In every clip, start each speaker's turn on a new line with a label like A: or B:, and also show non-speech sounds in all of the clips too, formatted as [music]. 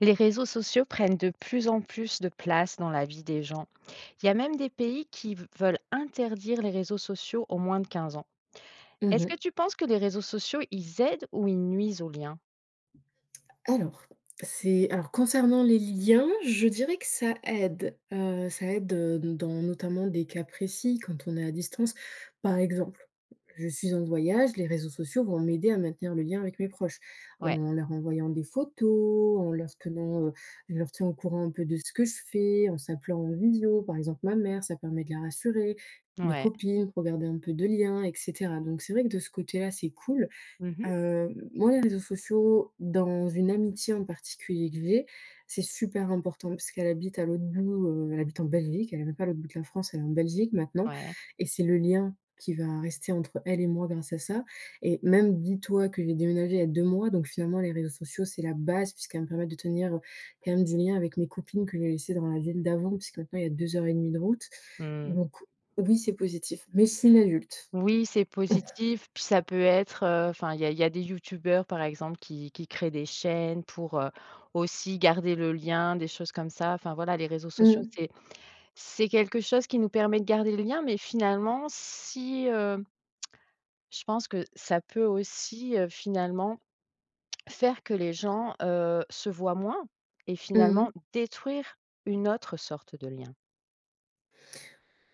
A: Les réseaux sociaux prennent de plus en plus de place dans la vie des gens. Il y a même des pays qui v veulent interdire les réseaux sociaux aux moins de 15 ans.
B: Mmh
A: Est-ce que
B: mh.
A: tu penses que les réseaux sociaux, ils aident ou ils nuisent aux liens?
B: Alors, c'est alors concernant les liens, je dirais que ça aide, heu, ça aide, heu, donc dans, notamment, des cas précis quand on est à distance. Par exemple, je suis en voyage, les réseaux sociaux vont m'aider à maintenir le lien avec mes proches
A: Ouais.
B: en leur envoyant des photos, en leur tenant, heu, je leur tiens au courant un peu de ce que je fais, en s'appelant en visio. Par exemple, ma mère, ça permet de la rassurer, mes
A: Ouais.
B: copines pour garder un peu de lien et cetera donc c'est vrai que, de ce côté-là, c'est cool.
A: Mmh mh.
B: Heu, moi, les réseaux sociaux dans une amitié, en particulier, que j'ai, c'est super important parce qu'elle habite à l'autre bout, heu, elle habite en Belgique. Elle est même pas à l'autre bout de la France, elle est en Belgique maintenant
A: Ouais.
B: et c'est le lien qui va rester entre elle et moi grâce à ça et même, dis-toi que j'ai déménagé, il y a 2 mois donc finalement, les réseaux sociaux, c'est la base puisqu'elle va me permettre de tenir, heu, quand même, des liens avec mes copines que j'ai laissées dans la ville d'avant, puisque maintenant, il y a 2 heures et 1/2 de route
A: Mmh.
B: donc oui, c'est positif, même si c'est une adulte.
A: Oui, c'est positif, puis,
B: [chuckles]
A: ça peut être, heu, enfin, il y a il y a des youtubeurs, par exemple, qui qui créent des chaînes pour, heu, aussi garder le lien, des choses comme ça, enfin voilà, les réseaux sociaux,
B: Mmh.
A: c'est c'est quelque chose qui nous permet de garder le lien mais finalement si, hem, [tsk] je pense que ça peut aussi, heu, finalement, faire que les gens, heu, se voient moins et
B: Mmh mh.
A: finalement détruire une autre sorte de lien.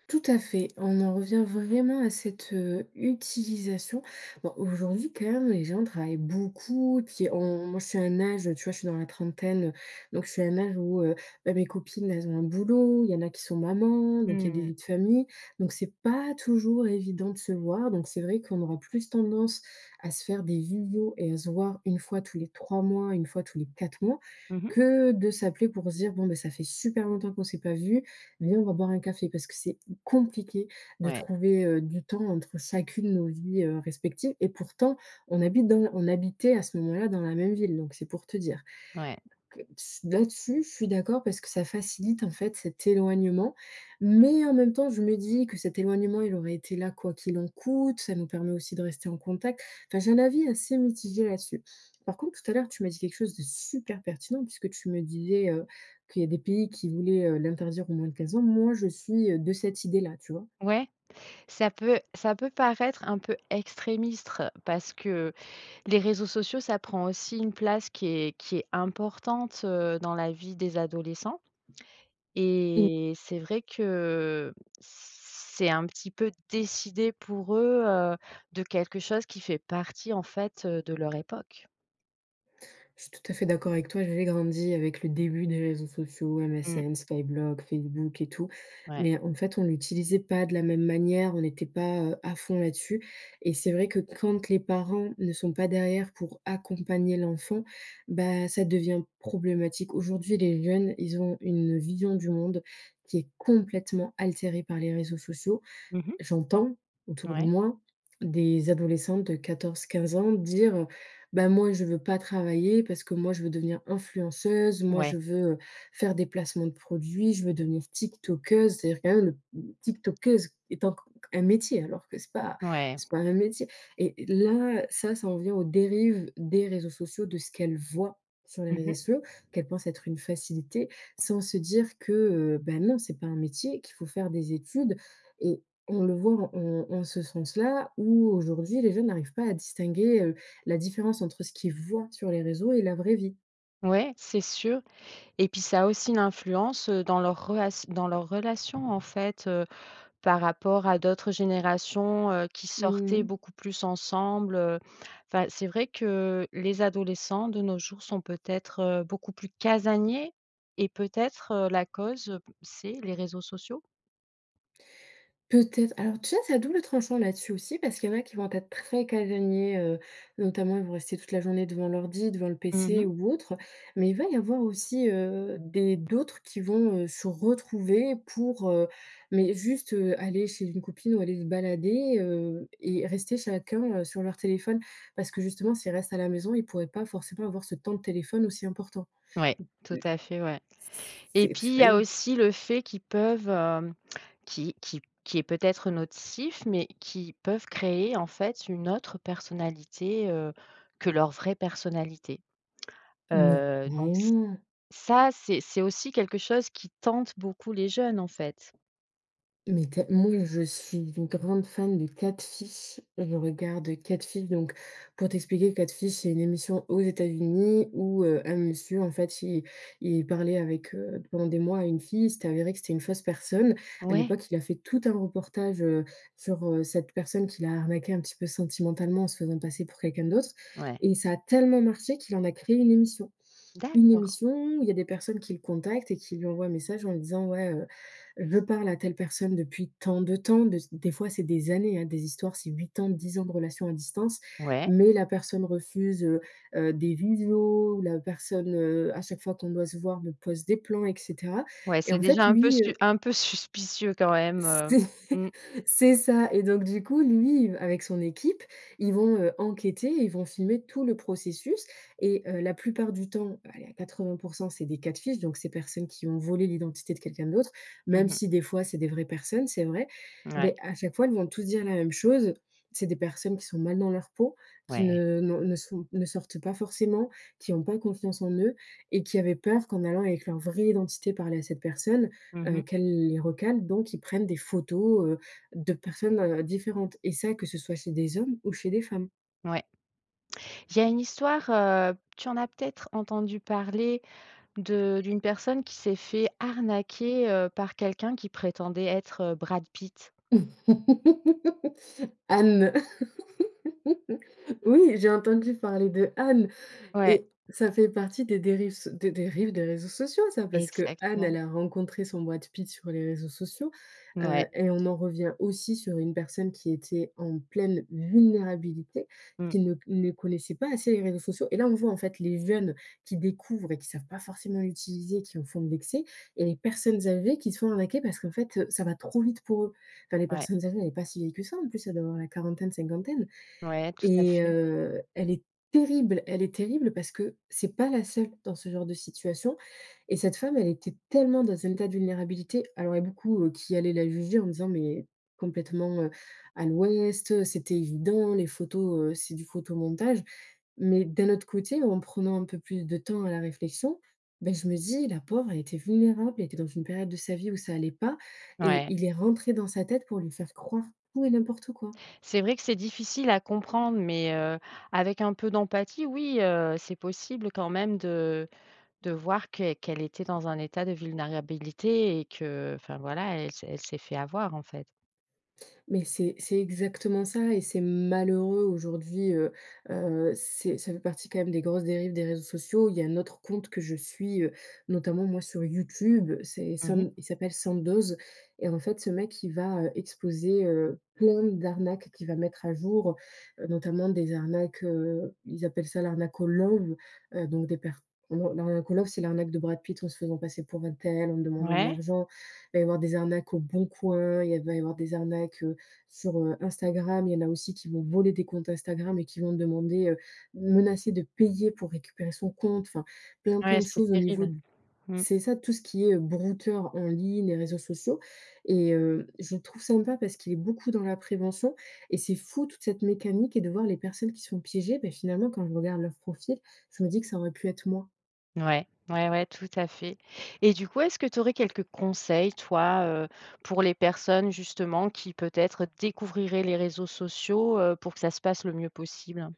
B: Tout à fait, on en revient vraiment à cette, heu, utilisation. Bon, aujourd'hui, quand même, les gens travaillent beaucoup. Puis on moi, je suis à un âge tu vois, je suis dans la trentaine, heu, donc je suis à un âge où, heu, bah, mes copines, elles ont un boulot. Il y en a qui sont mamans, donc il y a des
A: Mmh mh.
B: vies de famille, donc c'est pas toujours évident de se voir. Donc c'est vrai qu'on aura plus tendance à se faire des visios et à se voir une fois tous les 3 mois, une fois tous les 4 mois,
A: Mmh mh.
B: que de s'appeler pour se dire: «Bon ben, ça fait super longtemps qu'on s'est pas vues, viens, on va boire un café». Parce que c'est compliqué de
A: Ouais.
B: trouver, heu, du temps entre chacune, nos vies, heu, respectives. Et pourtant, on habite dans on habitait à ce moment-là dans la même ville, donc c'est pour te dire.
A: Ouais.
B: Que si là-dessus, je suis d'accord parce que ça facilite, en fait, cet éloignement. Mais en même temps, je me dis que cet éloignement, il aurait été là quoi qu'il en coûte. Ça nous permet aussi de rester en contact. Enfin, j'ai un avis assez mitigé là-dessus. Par contre, tout à l'heure, tu m'as dit quelque chose de super pertinent, puisque tu me disais, heu, qu'il y a des pays qui voulaient, heu, l'interdire au moins de 15 ans. Moi, je suis, heu, de cette idée-là. Tu vois?
A: Ouais, ça peut ça peut paraître un peu extrémiste parce que les réseaux sociaux, ça prend aussi une place qui est qui est importante, heu, dans la vie des adolescents.
B: Mmh.
A: Et c'est vrai que, heu, c c'est un petit peu décider pour eux, heu, de quelque chose qui fait partie, en fait, heu, de leur époque.
B: Je suis tout à fait d'accord avec toi. J'avais grandi avec le début des réseaux sociaux:
A: Mmh.
B: MSN, Skyblog, Facebook et tout.
A: Ouais.
B: Mais en fait, on l'utilisait pas de la même manière. On était pas, heu, à fond là-dessus. Et c'est vrai que quand les parents ne sont pas derrière pour accompagner l'enfant, bah, ça devient problématique. Aujourd'hui, les jeunes, ils ont une vision du monde qui est complètement altérée par les réseaux sociaux.
A: Mmh mh.
B: J'entends autour de
A: Ouais.
B: moi des adolescentes de 14-15 ans dire: «Ben, moi, je veux pas travailler parce que moi, je veux devenir influenceuse. Moi, je
A: Ouais.
B: veux, heu, faire des placements de produits. Je veux devenir Tiktokeuse». C'est à dire, quand même, mmh, Tiktokeuse est poc un métier, alors que c'est pas
A: Ouais.
B: c'est pas un métier. Et là, ça, ça en vient aux dérives des réseaux sociaux, de ce qu'elles voient sur les
A: Mmh
B: résè
A: mh.
B: ciaux qu'elles pensent être une facilité, sans se dire que, heu, ben non, c'est pas un métier, qu'il faut faire des études. Et on le voit en en ce sens-là, où aujourd'hui les jeunes n'arrivent pas à distinguer, heu, la différence entre ce qu'ils voient sur les réseaux et la vraie vie.
A: Ouais, c'est sûr. Et puis ça a aussi une influence, heu, dans leur rela dans leur relation, en fait, heu, par rapport à d'autres générations, heu, qui sortaient
B: Mmh.
A: beaucoup plus ensemble, heu. Enfin, c'est vrai que, les adolescents de nos jours sont peut-être, heu, beaucoup plus casaniers. Et peut-être, heu, la cause, heu, c'est les réseaux sociaux?
B: Peut-être. Alors, tu vois, c'est à double tranchant, là-dessus, aussi parce qu'il y en a qui vont être très casaniers, heu. Notamment, ils vont rester toute la journée devant l'ordi, devant le
A: Mmh mh.
B: PC ou autre. Mais il va y avoir aussi, heu, des d'autres qui vont, heu, se retrouver, pour heu, mais juste, heu, aller chez une copine ou aller se balader, heu, et rester chacun, heu, sur leur téléphone. Parce que justement, s'ils restent à la maison, ils pourraient pas forcément avoir ce temps de téléphone aussi important.
A: Ouais, tout
B: [unintelligible]
A: à fait, ouais.
B: C c
A: Et
B: c c'est
A: puis il
B: c'est
A: y
B: pas
A: a
B: évident.
A: aussi le fait qu'ils peuvent, hem, qui qui qui est peut-être nocif mais qui peuvent créer, en fait, une autre personnalité, heu, que leur vraie personnalité.
B: Mais,.
A: Heu, donc ç
B: [unintelligible]
A: ça, c'est c'est aussi quelque chose qui tente beaucoup les jeunes, en fait.
B: Mais tell moi, je suis une grande fan de Catfish, je regarde Catfish. Donc, pour t'expliquer, Catfish, c'est une émission aux États-Unis où, heu, un monsieur, en fait, il il parlait avec, heu, pendant des mois, à une fille. Il s'était avéré que c'était une fausse personne. À
A: Ouais.
B: l'époque, il a fait tout un reportage, heu, sur, heu, cette personne qui l'a arnaqué un petit peu sentimentalement en se faisant passer pour quelqu'un d'autre.
A: Ouais.
B: Et ça a tellement marché qu'il en a créé une émission. Une
A: D'accord.
B: émission où il y a des personnes qui le contactent et qui lui envoient un message en lui disant: «Ouais, heu, je parle à telle personne depuis tant de temps». De c'est des fois c'est des années, hein. Des histoires, c'est 8 ans, 10 ans de relation à distance,
A: Ouais.
B: mais la personne refuse, heu heu, des visios ou la personne, heu, à chaque fois qu'on doit se voir, me pose des plans, et cetera.
A: Ouais,
B: Et
A: c'est
B: en fait,
A: déjà un peu
B: lui,
A: scu
B: heu
A: un peu suspicieux, quand même,
B: [chuckles]
A: heu.
B: C
A: Mmh.
B: c'est ça. Et donc, du coup, lui, il v avec son équipe, ils vont, heu, enquêter ils vont filmer tout le processus et heu, la plupart du temps, allez, à 80% c'est des Catfish, donc ces personnes qui ont volé l'identité de quelqu'un d'autre,
A: Mmh
B: même
A: mh.
B: si, des fois, c'est des vraies personnes, c'est vrai.
A: Ouais.
B: Mais à chaque fois, ils vont tous dire la même chose: c'est des personnes qui sont mal dans leur peau, qui
A: Ouais.
B: ne n'ont, ne sont ne sortent pas forcément, qui ont pas confiance en eux et qui avaient peur qu'en allant avec leur vraie identité parler à cette personne,
A: Mmh
B: heu,
A: mh.
B: qu'elle les recale. Donc ils prennent des photos, heu, de personnes, heu, différentes, et ça, que ce soit chez des hommes ou chez des femmes.
A: Ouais. Il y a une histoire, heu, tu en as peut-être entendu parler, de d'une personne qui s'est fait arnaquer, heu, par quelqu'un qui prétendait être Brad Pitt?
B: [chuckles] Anne. [chuckles] Oui, j'ai entendu parler d'Anne,
A: Ouais.
B: et ça fait partie des dérives so des dérives des réseaux sociaux, ça Parce qu'Anne, elle
A: Exactement.
B: a rencontré son Brad Pitt sur les réseaux sociaux,
A: Ouais.
B: heu, et on en revient aussi sur une personne qui était en pleine vulnérabilité,
A: Mmh.
B: qui ne c ne connaissait pas assez les réseaux sociaux. Et là, on voit, en fait, les jeunes qui découvrent et qui savent pas forcément utiliser, qui en font de l'excès, et les personnes âgées qui se font arnaquer parce qu'en fait, eux, ça va trop vite pour eux. Enfin, les
A: Ouais.
B: personnes âgées, elle est pas si vieille que ça, en plus. Elle doit avoir la quarantaine, cinquantaine
A: Ouais, tout à
B: et
A: fait.
B: heu, elle est terrible. Elle est terrible parce que c'est pas la seule dans ce genre de situation. Et cette femme, elle était tellement dans un état de vulnérabilité. Alors, il y a beaucoup, heu, qui allaient la juger en disant: «Mais complètement, heu, à l'ouest! Heu, c'était évident, les photos, heu, c'est du photomontage». Mais, d'un autre côté, en prenant un peu plus de temps à la réflexion, mais je me dis: «La pauvre, elle était vulnérable, elle était dans une période de sa vie où ça allait pas». Et
A: Ouais.
B: il est rentré dans sa tête pour lui faire croire tout et n'importe quoi.
A: C'est vrai que c'est difficile à comprendre, mais, heu, avec un peu d'empathie, oui, heu, c'est possible quand même de de voir qu'elle qu'elle était dans un état de vulnérabilité et que, heu, enfin voilà, elle s'est elle s'est fait avoir, en fait.
B: Mais c'est c'est exactement ça, et c'est malheureux. Aujourd'hui, heu heu, c'est ça fait partie quand même des grosses dérives des réseaux sociaux. Il y a un autre compte que je suis, heu, notamment, moi, sur Youtube. C'est
A: Mmh mh.
B: Sand il s'appelle Sandoz. Et en fait, ce mec, il va, heu, exposer, heu, plein d'arnaques qu'il va mettre à jour, heu, notamment des arnaques. Heu, ils appellent ça l'arnaque au love. Heu, donc des per heu, l'arnaque au love, c'est l'arnaque de Brad Pitt en se faisant passer pour untel, en demandant de
A: Ouais.
B: l'argent. Il va y avoir des arnaques, heu, au Bon Coin. Il y a va y avoir des arnaques, heu, sur, heu, Instagram. Il y en a aussi qui vont voler des comptes Instagram et qui vont demander, heu menacer de payer pour récupérer son compte. Enfin, plein
A: Ouais,
B: plein de
A: c'est
B: choses au niveau
A: terrible. Mmh.
B: c'est ça, tout ce qui est, heu, brouteurs en ligne, les réseaux sociaux. Et heu, je le trouve sympa parce qu'il est beaucoup dans la prévention. Et c'est fou, toute cette mécanique, et de voir les personnes qui se font piéger. Mais, finalement, quand je regarde leur profil, je me dis que ça aurait pu être moi.
A: Ouais, ouais, ouais, tout à fait. Et du coup, est-ce que tu aurais quelques conseils, toi, heu, pour les personnes, justement, qui peut-être découvriraient les réseaux sociaux, heu, pour que ça se passe le mieux possible?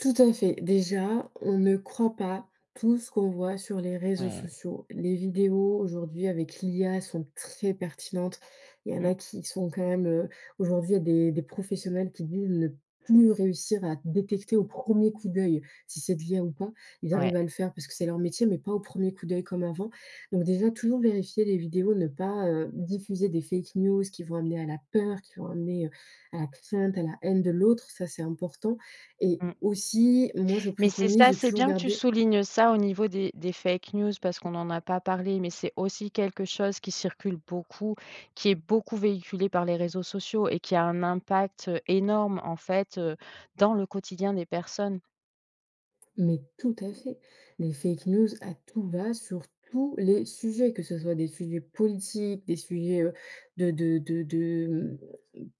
B: Tout à fait. Déjà, on ne croit pas tout ce qu'on voit sur les réseaux
A: Ouais.
B: sociaux. Les vidéos, aujourd'hui, avec l'IA, sont très pertinentes. Il y en
A: Mmh.
B: a qui sont quand même heu, aujourd'hui, il y a des des professionnels qui disent ne plus réussir à détecter, au premier coup d'œil, si c'est de l'IA ou pas. Il
A: Ouais.
B: arrivent à le faire parce que c'est leur métier, mais pas au premier coup d'œil comme avant. Donc, déjà, toujours vérifier les vidéos, ne pas, heu, diffuser des fake news, qui vont amener à la peur qui vont amener, heu, à la crainte, à la haine de l'autre. Ça, c'est important. Et
A: Mmh.
B: aussi, moi, je
A: Mais c'est
B: préconise
A: ça,
B: de
A: c'est
B: toujours
A: bien que tu
B: garder
A: soulignes ça, au niveau des des fake news, parce qu'on en a pas parlé, mais c'est aussi quelque chose qui circule beaucoup, qui est beaucoup véhiculé par les réseaux sociaux et qui a un impact énorme, en fait, heu, dans le quotidien des personnes.
B: Mais tout à fait. Les fake news, à tout va, sur tous les sujets, que ce soit des sujets politiques, des sujets, heu, de de de de mmh,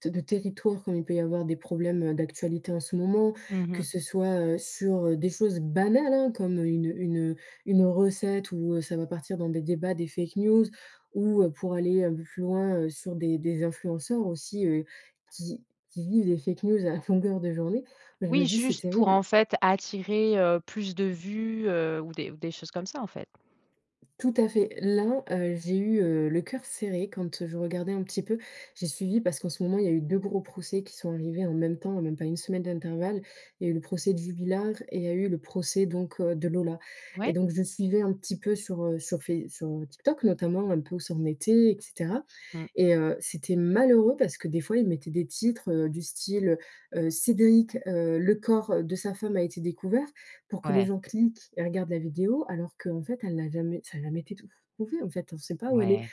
B: de de territoire, comme il peut y avoir des problèmes, heu, d'actualité en ce moment,
A: Mmh
B: que
A: mh.
B: ce soit, heu, sur, heu, des choses banales, hein, comme une, heu, une, heu, une recette où ça va partir dans des débats, des fake news, ou, pour aller un peu plus loin, heu, sur des des influenceurs aussi, heu, qui qui vivent des fake news, à longueur de journée. Bah, je me
A: Oui,
B: dis, c'est
A: juste, pour, en
B: terrible.
A: fait, attirer, heu, plus de vues, heu, ou des ou des choses comme ça, en fait.
B: Tout à fait. Là, heu, j'ai eu, heu, le cœur serré quand, heu, je regardais un petit peu. J'ai suivi parce qu'en ce moment, il y a eu 2 gros procès qui sont arrivés en même temps, en même pas 1 semaine d'intervalle. Il y a eu le procès de Jubillar et il y a eu le procès, donc heu, de Lola. Et
A: Ouais.
B: donc, je suivais un petit peu, sur heu, sur Face sur TikTok, notamment, un peu où ça en était, et cetera.
A: Mmh.
B: Et heu, c'était malheureux parce que, des fois, ils mettaient des titres, heu, du style, heu: Cédric, heu, le corps de sa femme a été découvert. Pour que les
A: Ouais.
B: gens cliquent et regardent la vidéo, alors qu'en fait, elle n'a jamais ça a jamais été tou trouvé, en fait. On sait pas où elle est.
A: Ouais.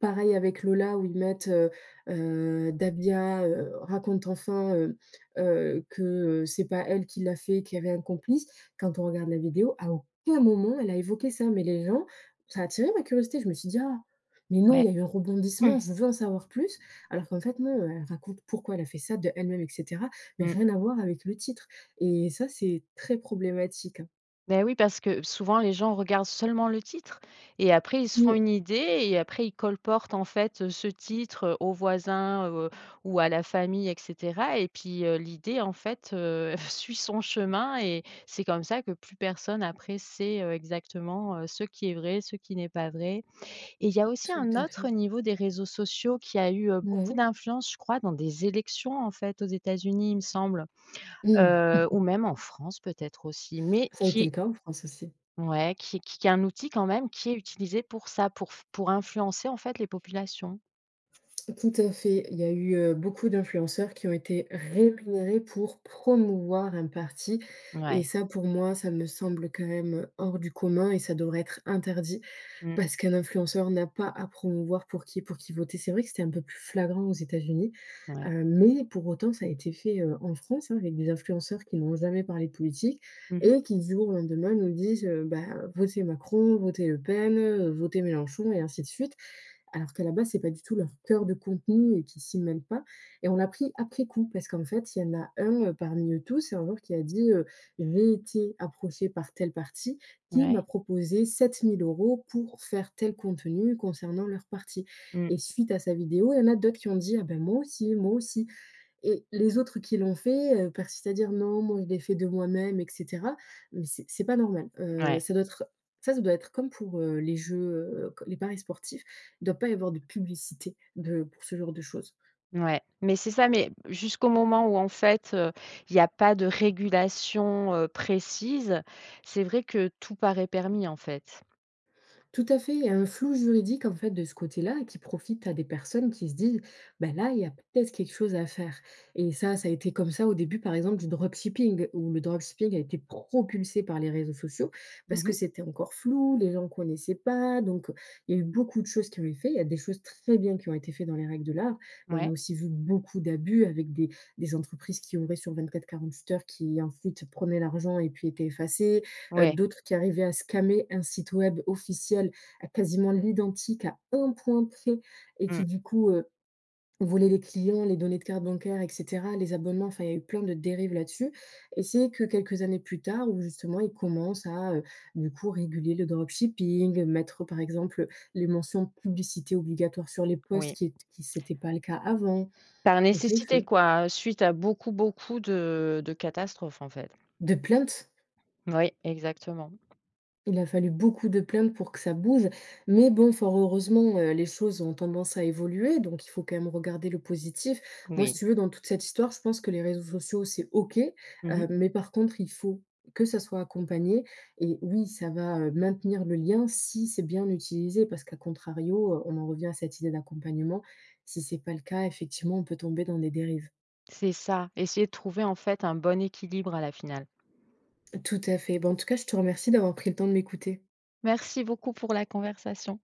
B: Pareil avec Lola, où ils mettent: «Heu heu, Dahbia, heu, raconte enfin, heu heu, que, heu, c'est pas elle qui l'a fait, qu'il y avait un complice». Quand on regarde la vidéo, à aucun moment elle a évoqué ça. Mais les gens Ça a attiré ma curiosité. Je me suis dit: «Ah mais non, il
A: Ouais
B: y a eu un
A: Mmh.
B: rebondissement. Je veux en savoir plus». Alors qu'en fait, non. Elle raconte pourquoi elle a fait ça d'elle-même, et cetera, mais
A: Mmh.
B: rien à voir avec le titre. Et ça, c'est très problématique, hein.
A: Beh, oui, parce que souvent les gens regardent seulement le titre et après, ils se font
B: Mmh.
A: une idée et après, ils colportent, en fait, heu, ce titre, heu, aux voisins, heu, ou à la famille et cetera et puis, heu, l'idée, en fait, heu, [chuckles] suit son chemin et c'est comme ça que plus personne, après, sait, heu, exactement, heu, ce qui est vrai, ce qui n'est pas vrai et il y a aussi
B: Tout
A: un
B: à
A: autre
B: fait.
A: niveau des réseaux sociaux qui a eu, heu,
B: Bah,
A: beaucoup
B: oui.
A: d'influence, je crois, dans des élections, en fait, aux États-Unis, il me semble,
B: Mmh.
A: heu ou
B: [chuckles]
A: même en France, peut-être, aussi mais
B: Ça a été le
A: qui
B: cas en France, aussi.
A: ouais, qui qui qui est un outil, quand même, qui est utilisé pour ça, pour f pour influencer, en fait, les populations.
B: Tout à fait, il y a eu, heu, beaucoup d'influenceurs qui ont été rémunérés pour promouvoir un parti et
A: Ouais.
B: ça, pour moi, ça me semble quand même, heu, hors du commun et ça devrait être interdit
A: Mmh.
B: parce qu'un influenceur n'a pas à promouvoir pour qui pour qui voter. C'est vrai que c'était un peu plus flagrant aux États-Unis,
A: Ouais.
B: heu, mais pour autant, ça a été fait, heu, en France, hein, avec des influenceurs qui n'ont jamais parlé de politique
A: Mmh mh.
B: et qui, du jour au lendemain, nous disent, heu, bah, heu: «Votez Macron», «Votez Le Pen», heu, «Votez Mélenchon» et ainsi de suite, alors qu'à la base, c'est pas du tout leur cœur de contenu et qu'ils s'y mêlent pas et on a appris, après coup, parce qu'en fait, il y en a un, heu, parmi eux tous et un jour qui a dit, heu: «J'ai été approché par tel parti qui m'a
A: Ouais.
B: proposé 7 000 € pour faire tel contenu concernant leur parti»
A: Mmh.
B: et suite à sa vidéo, il y en a d'autres qui ont dit: «Ah, ben, moi aussi!», «Moi aussi!» et les autres qui l'ont fait, heu, persistent à dire: «Non, moi, je l'ai fait de moi-même» et cetera mais c'est c'est pas normal, heu,
A: Ouais.
B: ça doit être ça ça doit être comme pour, heu, les jeux, heu, c les paris sportifs, il doit pas y avoir de publicité de pour ce genre de choses.
A: Ouais, mais c'est ça mais jusqu'au moment où, en fait, heu, il y a pas de régulation, heu, précise, c'est vrai que tout paraît permis, en fait.
B: Tout à fait, il y a un flou juridique, en fait, de ce côté-là, qui profite à des personnes qui se disent: «Bah, là, il y a peut-être quelque chose à faire» et ça, ça a été comme ça au début, par exemple, du dropshipping où le dropshipping a été propulsé par les réseaux sociaux parce
A: Mmh
B: que
A: mh.
B: c'était encore flou. Les gens connaissaient pas donc heu, il y a eu beaucoup de choses qui ont été fait. Il y a des choses très bien qui ont été faits dans les règles de l'art mais on a
A: Ouais.
B: aussi vu beaucoup d'abus avec des des entreprises qui ouvraient sur 24-48 heures, qui, ensuite, prenaient l'argent et puis étaient effacées, heu,
A: Ouais.
B: d'autres qui arrivaient à scammer un site web officiel à, quasiment, l'identique, à 1 point près et
A: Mmh.
B: qui, du coup, heu, volaient les clients, les données de cartes bancaires et cetera, les abonnements, enfin, il y a eu plein de dérives là-dessus et c'est que quelques années plus tard où justement, ils commencent à, heu, du coup, réguler le dropshipping, mettre, par exemple, heu, les mentions «publicité obligatoire» sur les post
A: Oui.
B: qui ét qui c'était pas le cas avant,
A: Par
B: donc c'est
A: nécessité,
B: fait.
A: quoi, heu, suite à beaucoup, beaucoup de de catastrophes, en fait.
B: De plaintes
A: Ouais, exactement.
B: il a fallu beaucoup de plaintes pour que ça bouge mais bon, fort heureusement, heu, les choses ont tendance à évoluer donc il faut, quand même, regarder le positif. Moi, si
A: Oui.
B: tu veux, dans toute cette histoire, je pense que les réseaux sociaux, c'est OK,
A: Mmh
B: heu,
A: mh.
B: mais par contre, il faut que ça soit accompagné et oui, ça va, heu, maintenir le lien si c'est bien utilisé parce qu'à contrario, heu, on en revient à cette idée d'accompagnement, si c'est pas le cas, effectivement, on peut tomber dans des dérives.
A: C'est ça, essayer de trouver, en fait, un bon équilibre, à la finale.
B: Tout à fait, bah, en tout cas, je te remercie d'avoir pris le temps de m'écouter.
A: Merci beaucoup pour la conversation.